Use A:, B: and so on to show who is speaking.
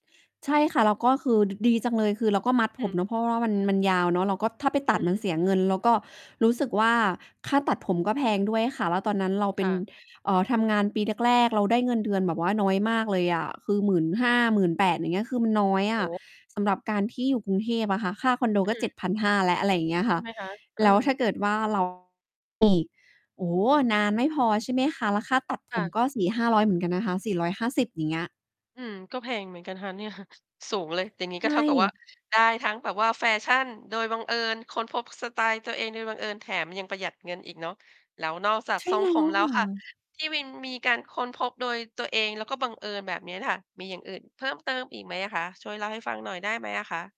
A: ใช่ค่ะ แล้วก็คือ ด ดีจังเลย คือเราก็มัด
B: อ
A: ผม
B: ืม
A: เนาะ เพราะว่า ว่ามัน มันยาวเนาะ เราก็ ถ้าไปต
B: อื
A: ัด
B: อฮ
A: มัน
B: ึ
A: เสียเงิน แล้วก็รู้สึกว่า ค่าตัดผมก็แพงด้วยค่ะ แล้วตอนนั้นเราเ
B: ค
A: ป็
B: ่
A: น
B: ะ
A: เอ่อ ทำงานปีแรก ๆ เราได้เงินเดือนแบบว่าน้อยมากเลยอะ คือ 15,000 18,000 อย่างเงี้ย คือมันน้อยอ
B: โอ้
A: ะ
B: โฮ
A: สำหรับการที่อยู่กรุงเทพอะค่ะ ค่าคอนโด
B: อ
A: ก็
B: ื
A: เจ็
B: ม
A: ดพันห้า แล้ว อะไรอย่างเงี้ยค
B: ใช
A: ่ะ
B: ่ไหมคะ? เอ
A: แ
B: อ
A: ล้วถ้าเกิดว่า เรา อีก โอ้โฮ นานไม่พอ ใช่ไหมคะ แล้วค่าตัด
B: ค
A: ผ
B: ่
A: ม
B: ะ
A: ก็ 400-500 เหมือนกันนะคะ 450 อย่างเงี้ย
B: อืม ก็แพงเหมือนกันนะคะ เนี่ย สูงเลย อย่างงี้
A: ใช
B: ก็เท่ากับว่า
A: ่
B: ได้ทั้งแบบว่าแฟชั่นโดยบังเอิญ ค้นพบสไตล์ตัวเองโดยบังเอิญ แถมยังประหยัดเงินอีกเนาะ แล้วนอกจาก
A: ใช่
B: ทรง
A: แล้
B: ผม
A: ว
B: แล้
A: ค
B: ว
A: ่
B: ค่ะ
A: ะ
B: ที่วินมีการค้นพบโดยตัวเอง แล้วก็บังเอิญแบบเนี้ยน่ะค่ะ มีอย่างอื่นเพิ่มเติมอีกไหมอะคะ? ช่วยเล่าให้ฟังหน่อยได้ไหมอะคะ?